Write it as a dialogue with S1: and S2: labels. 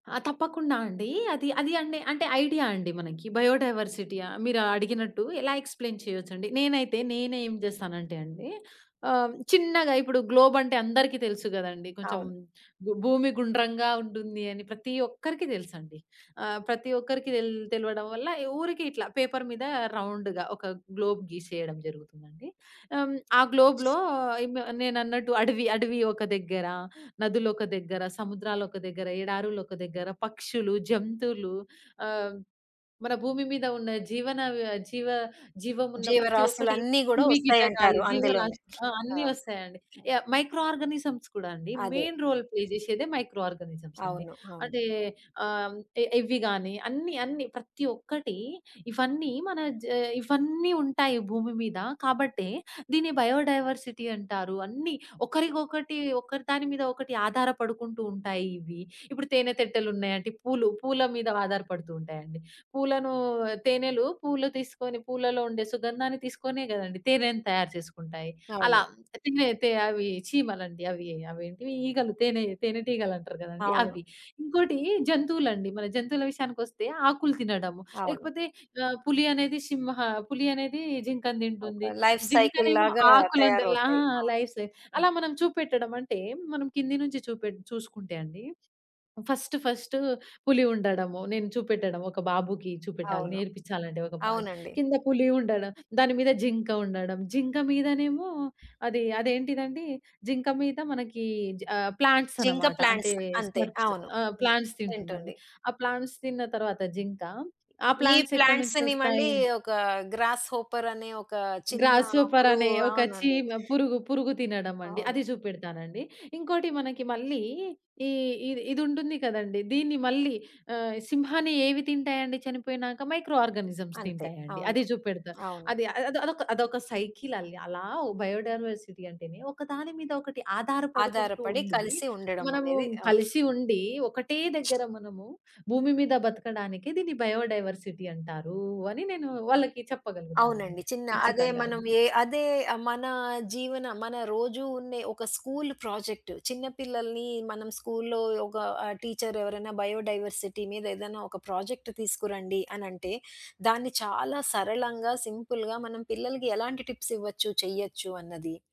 S1: ఆ! తప్పకుండా అండి. అది అది అండె అంటే ఐడియా అండి మనకి, బయోడైవర్సిటీ య మీరు అడిగినట్టు ఇలా ఎక్స్‌ప్లెయిన్ చేయొచ్చండి. నేనైతే నేను ఏం జేస్తానంటే అండి ఆహ్, హ్మ్. చిన్నగా ఇప్పుడు గ్లోబంటే అందరికి తెలుసు గదండీ కొంచెం,
S2: అవును.
S1: భూ భూమి గుండ్రంగా ఉంటుంది అని ప్రతి ఒక్కరికి దెలుసండి. ఆహ్, ప్రతి ఒక్కరికి తెల్ తెలవడం వల్ల ఈ ఊరికి ఇట్లా పేపరు మీద రౌండ్‌గా ఒక గ్లోబ్ గీసేయడం జరుగుతుందండి. హ్మ్. ఆ గ్లోబ్‌లో ఇమ్ నేనన్నట్టు అడవి అడవి ఒక దగ్గర, నదులొక దగ్గర, సముద్రాలొక దగ్గర, ఎడారులు ఒక దగ్గర, పక్షులు, జంతువులు, ఆహ్, మన భూమి మీద ఉన్న జీవన వ జీవ జీవం ఉన్న ప్రతి ఒక్కటి,
S2: జీవరాసులన్ని గూడా
S1: క్రిమి కీటకాలు,
S2: ఒస్తాయంటారు అందులోనే.
S1: జీవరాశులు ఆ!
S2: ఆ!
S1: అన్ని వస్తాయండి.
S2: ఔ
S1: య మైక్రో ఆర్గానిజమ్స్ కూడా అండి.
S2: అదే.
S1: మెయిన్ రోల్ ప్లే జేశెదే మైక్రో ఆర్గానిజమ్స్ అండి.
S2: అవును. అవును.
S1: అంటే ఆహ్, హ్మ్. ఎ ఎవ్వి గాని, అన్నీ, అన్ని ప్రతి ఒక్కటి ఇవన్నీ మన జ ఆహ్, ఇవన్నీ ఉంటాయి భూమి మీద. కాబట్టే దీన్ని బయోడైవర్సిటీ అంటారు. అన్ని ఒకరికి ఒకటి ఒకదాని మీద ఒకటి ఆధారపడుకుంటూ ఉంటాయి ఇవి. ఇప్పుడు తేనె తెట్టెలున్నాయంటే, పూలు పూల మీద ఆధారపడుతూ ఉంటాయండి. పూలను తేనెలు పూలు తీసుకొని పూలలో ఉండే సుగంధాన్ని తీసుకొనే గదండీ! తేనెను తయారు చేసుకుంటాయి. అలా
S2: అవును.
S1: తినే తే అవి చీమలండి. అవీ అవేంటివి? ఈగలు తేనె తేనె టీగలంటరు గదండి!
S2: అవును.
S1: అవ్వి. ఇంకోటి జంతువులండి. మన జంతువుల విషయానికొస్తే ఆకులు తినడము
S2: అవును.
S1: లేకపోతే ఆహ్, పులి అనేది సింహ పులి అనేది జింకను
S2: ఒక
S1: దింటుంది.
S2: లైఫ్
S1: జింకనేమో
S2: సైకిల్‌లాగా
S1: ఆకులను తినలా
S2: తయారవుతాయి.
S1: ఆ!
S2: అవును.
S1: లైఫ్ సే
S2: హ్మ్.
S1: అలా మనం చూపెట్టడం అంటే, మనం కింది నుంచి చూపెట్ చూసుకుంటే అండి, ఫస్ట్ ఫస్టు పులి ఉండడము, నేను చూపెట్టడం ఒక బాబుకి చూపెట్టాలి,
S2: అవును.
S1: నేర్పిచ్చాలంటే ఒక పాట
S2: అవునండి.
S1: కింద పులి ఉండడం, దాని మీద జింక ఉండడం, జింక మీదనేమో అది అదేంటిదండి? జింక మీద మనకి జ ఆహ్, ప్లాంట్స్
S2: జింక
S1: అనమాట.
S2: ప్లాంట్స్
S1: అంటే
S2: అంతే.
S1: స్మర్ప్స్
S2: అవును.
S1: ఆ!
S2: హ్మ్.
S1: ప్లాంట్స్ తింటుందండి.
S2: తింటుంది.
S1: ఆ ప్లాంట్స్ తిన్న తర్వాత జింక ఆ
S2: ఈ
S1: ప్లాంట్స్ ఎక్కడి నుంచి
S2: ప్లాంట్స్‌ని మళ్ళీ
S1: ఒస్తాయి?
S2: ఒక గ్రాస్‌హోపర్ అనే ఒక చిన్న
S1: గ్రాస్‌హోపర్
S2: పురుగు
S1: అనే ఒక
S2: అవునండి.
S1: చీమ పురుగు పురుగు తినడమండి.
S2: అవును.
S1: అది జూపెడతానండి. ఇంకోటి మనకి మళ్ళీ ఈ ఇది ఇదుంటుంది కదండి. దీన్ని మళ్ళీ ఆహ్, సింహాన్ని ఏవి తింటాయండి చనిపోయినాక? మైక్రో ఆర్గానిజమ్స్
S2: అంతే.
S1: తింటాయండి.
S2: అవును.
S1: అది జూపెడతా.
S2: అవును.
S1: అది అదొదొక అదొక సైకిలల్లి అలా వ్ బయోడైవర్సిటీ అంటేనే ఒకదాని మీద ఒకటి ఆధారపడుకుంటూ
S2: ఆధారపడి
S1: ఉండి,
S2: కలిసి
S1: మనము
S2: ఉండడమనేది అవును.
S1: కలిసి ఉండి, ఒకటే దగ్గర మనము భూమి మీద బతకడానికి దీన్ని బయోడైవర్సిటీ అంటారూ, అని నేను వాళ్ళకి చెప్పగలుగుతానండి.
S2: అవునండి. చిన్న అదే
S1: ఖచ్చితంగా
S2: మనం
S1: అది.
S2: యే అదే మన జీవన మన రోజు ఉండే ఒక స్కూలు ప్రాజెక్టు, చిన్న పిల్లల్ని మనం స్కూల్లో ఒక ఆహ్, టీచరెవరైనా బయోడైవర్సిటీ మీదేదైనా ఒక ప్రాజెక్ట్ తీసుకురండి అనంటే, దాన్ని చాలా సరళంగా సింపుల్‌గా మనం పిల్లలకి ఎలాంటి టిప్స్ ఇవ్వచ్చు, చేయొచ్చు అన్నది.